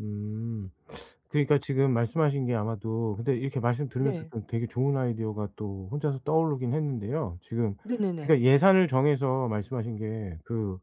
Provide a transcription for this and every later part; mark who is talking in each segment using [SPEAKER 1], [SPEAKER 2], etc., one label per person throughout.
[SPEAKER 1] 음 그러니까 지금 말씀하신 게 아마도 근데 이렇게 말씀 들으면서
[SPEAKER 2] 네.
[SPEAKER 1] 좀 되게 좋은 아이디어가 또 혼자서 떠오르긴 했는데요. 지금 그니까
[SPEAKER 2] 네네네.
[SPEAKER 1] 예산을 정해서 말씀하신 게 그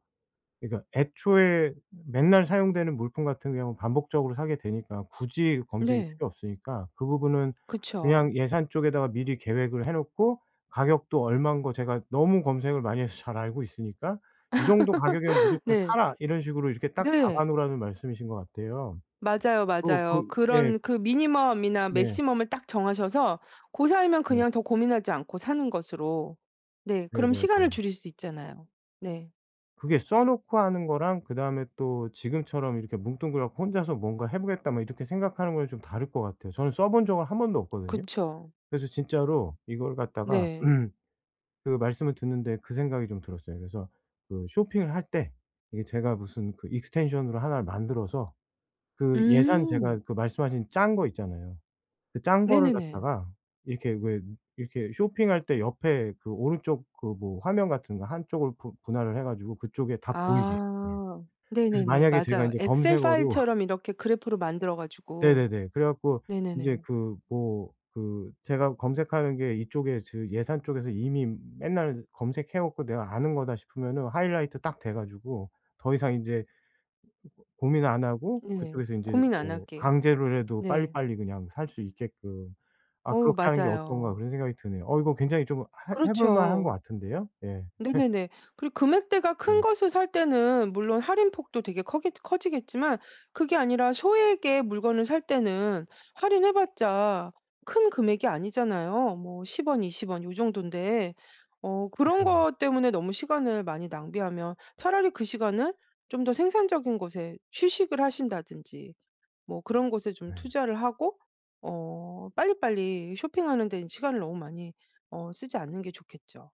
[SPEAKER 1] 그니까 애초에 맨날 사용되는 물품 같은 경우 반복적으로 사게 되니까 굳이 검색이
[SPEAKER 2] 네.
[SPEAKER 1] 필요 없으니까 그 부분은
[SPEAKER 2] 그쵸.
[SPEAKER 1] 그냥 예산 쪽에다가 미리 계획을 해 놓고 가격도 얼마인 거 제가 너무 검색을 많이 해서 잘 알고 있으니까 "이 정도 가격이면 무조건
[SPEAKER 2] 네.
[SPEAKER 1] 사라." 이런 식으로 이렇게 딱 박아
[SPEAKER 2] 네.
[SPEAKER 1] 놓으라는 말씀이신 것 같아요.
[SPEAKER 2] 맞아요,
[SPEAKER 1] 어
[SPEAKER 2] 맞아요.
[SPEAKER 1] 그 예.
[SPEAKER 2] 그런 그 미니멈이나
[SPEAKER 1] 네.
[SPEAKER 2] 맥시멈을 딱 정하셔서 고 사이면
[SPEAKER 1] 네.
[SPEAKER 2] 그냥 더 고민하지 않고 사는 것으로 네 그럼 시간을
[SPEAKER 1] 네네네.
[SPEAKER 2] 줄일 수 있잖아요. 네.
[SPEAKER 1] 그게 써 놓고 하는 거랑 그다음에 또 지금처럼 이렇게 뭉뚱그려 갖고 혼자서 '뭔가 해 보겠다.' 뭐 이렇게 생각하는 거랑 좀 다를 것 같아요. 저는 써 본 적은 1 번도 없거든요.
[SPEAKER 2] 그쵸.
[SPEAKER 1] 그래서 진짜로 이걸 갖다가
[SPEAKER 2] 네.
[SPEAKER 1] 그 말씀을 듣는데 그 생각이 좀 들었어요. 그래서 그 쇼핑을 할 때 이게 제가 무슨 그 extension으로 하나를 만들어서 그 예산
[SPEAKER 2] 음.
[SPEAKER 1] 제가 그 말씀하신 짠 거 있잖아요. 그 짠 거를
[SPEAKER 2] 네네네.
[SPEAKER 1] 갖다가 이렇게 왜 이렇게 쇼핑할 때 옆에 그 오른쪽 그 뭐 화면 같은 거 한쪽을 분 분할을 해 가지고 그쪽에 다 보이게 예
[SPEAKER 2] 아
[SPEAKER 1] 그래서
[SPEAKER 2] 네네네.
[SPEAKER 1] 만약에 제가
[SPEAKER 2] 맞아요.
[SPEAKER 1] 인제
[SPEAKER 2] 엑셀
[SPEAKER 1] 검색어로
[SPEAKER 2] 파일처럼 이렇게 그래프로 만들어 가지고
[SPEAKER 1] 네네네 그래 갖고 인제
[SPEAKER 2] 네네네.
[SPEAKER 1] 그 뭐 그 제가 검색하는 게 이쪽에 그 예산 쪽에서 이미 맨날 검색해 갖고 '내가 아는 거다.' 싶으면은 하이라이트 딱 돼 가지고 더 이상 인제 고민 안 하고
[SPEAKER 2] 네.
[SPEAKER 1] 그쪽에서 인제
[SPEAKER 2] 고민 안
[SPEAKER 1] 뭐
[SPEAKER 2] 하게
[SPEAKER 1] 강제로라도
[SPEAKER 2] 네.
[SPEAKER 1] 빨리빨리 그냥 살 수 있게끔 아
[SPEAKER 2] 어
[SPEAKER 1] '그렇게 하는 게 어떤가.'
[SPEAKER 2] 맞아요.
[SPEAKER 1] 그런 생각이 드네요. 어 이거 굉장히 좀 해 해 볼 만한 것
[SPEAKER 2] 그렇죠.
[SPEAKER 1] 같은데요? 예.
[SPEAKER 2] 네네네. 그리고 금액대가
[SPEAKER 1] 네.
[SPEAKER 2] 큰 것을 살 때는 물론 할인폭도 되게 커겠 커지겠지만 그게 아니라 소액의 물건을 살 때는 할인해 봤자 큰 금액이 아니잖아요. 뭐 10 원 20 원 요 정돈데 어 그런 것 때문에 너무 시간을 많이 낭비하면 차라리 그 시간을 좀 더 생산적인 곳에 휴식을 하신다든지 뭐 그런 곳에 좀
[SPEAKER 1] 네.
[SPEAKER 2] 투자를 하고 어 빨리빨리 쇼핑하는데 시간을 너무 많이 어 쓰지 않는 게 좋겠죠.